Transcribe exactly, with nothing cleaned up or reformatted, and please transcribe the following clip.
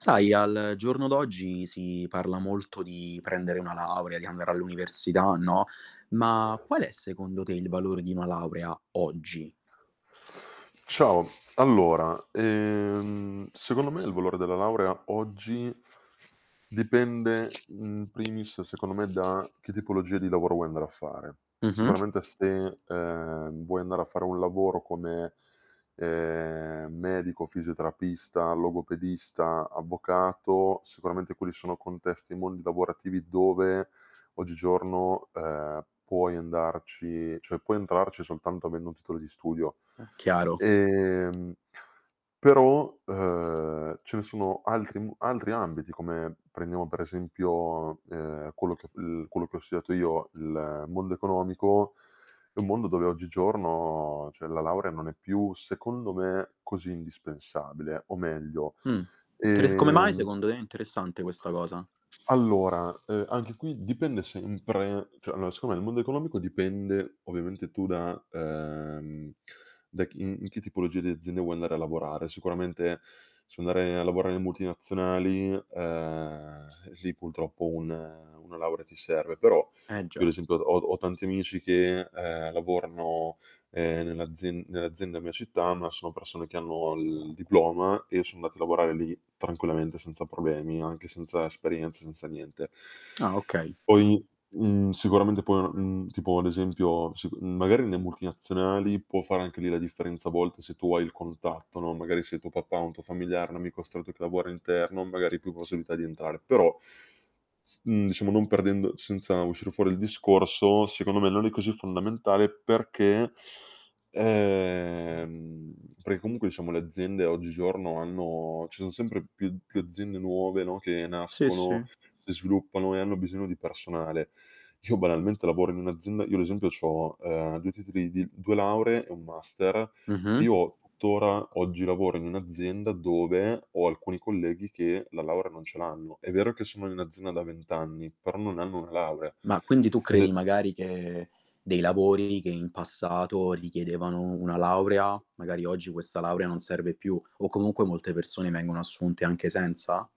Sai, al giorno d'oggi si parla molto di prendere una laurea, di andare all'università, no? Ma, qual è secondo te il valore di una laurea oggi? Ciao. Allora, ehm, secondo me il valore della laurea oggi dipende in primis, secondo me, da che tipologia di lavoro vuoi andare a fare. Mh-mh. Sicuramente se, ehm, vuoi andare a fare un lavoro come, ehm, medico, fisioterapista, logopedista, avvocato, sicuramente quelli sono contesti e mondi lavorativi dove oggigiorno, ehm, puoi andarci cioè, puoi entrarci soltanto avendo un titolo di studio. È chiaro. Ehm, però, uhm, ce ne sono altri m altri ambiti come, prendiamo per esempio, ehm, quello che l il quello che ho studiato io: il mondo economico. È un mondo dove oggigiorno cioè, la laurea non è più, secondo me, così indispensabile, o meglio, Mh. Teres Come mai ehm secondo te? È interessante questa cosa. Allora, uhm, anche qui dipende sempre cioè, allora secondo me il mondo economico dipende ovviamente tu da ehm, da chi in che tipologia di aziende vuoi andare a lavorare. Sicuramente, se vuoi andare a lavorare in multinazionali, ehm, lì pultroppo un una laurea ti serve, però Eh io già. ad esempio ho ho tanti amici che, ehm, lavorano, ehm, nell'azien nell'azienda mia città, ma sono persone che hanno il diploma e son andati a lavorare lì tranquillamente senza problemi, o anche senza esperienza, senza niente. Ah, okay. Poi, mhmm, sicuramente poi una mhmm, tipo, ad esempio si con mhmm, magari nne multinazionali può fare anche lì la differenza a volte se tu hai il contatto, no, magari se il tuo papà, un tuo familiare, un amico stretto che lavora interno, magari più possibilità di entrare. Però, s mhmm, diciamo non perdendo senza uscire fuori il discorso, secondo me non è così fondamentale perché ehm, perché comunque, diciamo, le aziende oggigiorno hanno ci son sempre più più aziende nuove, no, che Sì, sì. nascono, si sviluppano e hanno bisogno di personale. Io banalmente lavoro in un'azienda io ad esempio c'ho, ehm, due titoli di due lauree e un master, e Mh-mh. io tuttora oggi lavoro in un'azienda dove ho alcuni colleghi che la laurea non ce l'hanno. È vero che sono in azienda da vent' anni, però non hanno una laurea. Ma quindi, tu Ed credi è magari che dei lavori che in passato richiedevano una laurea, magari oggi questa laurea non serve più o comunque molte persone vengono assunte anche senza?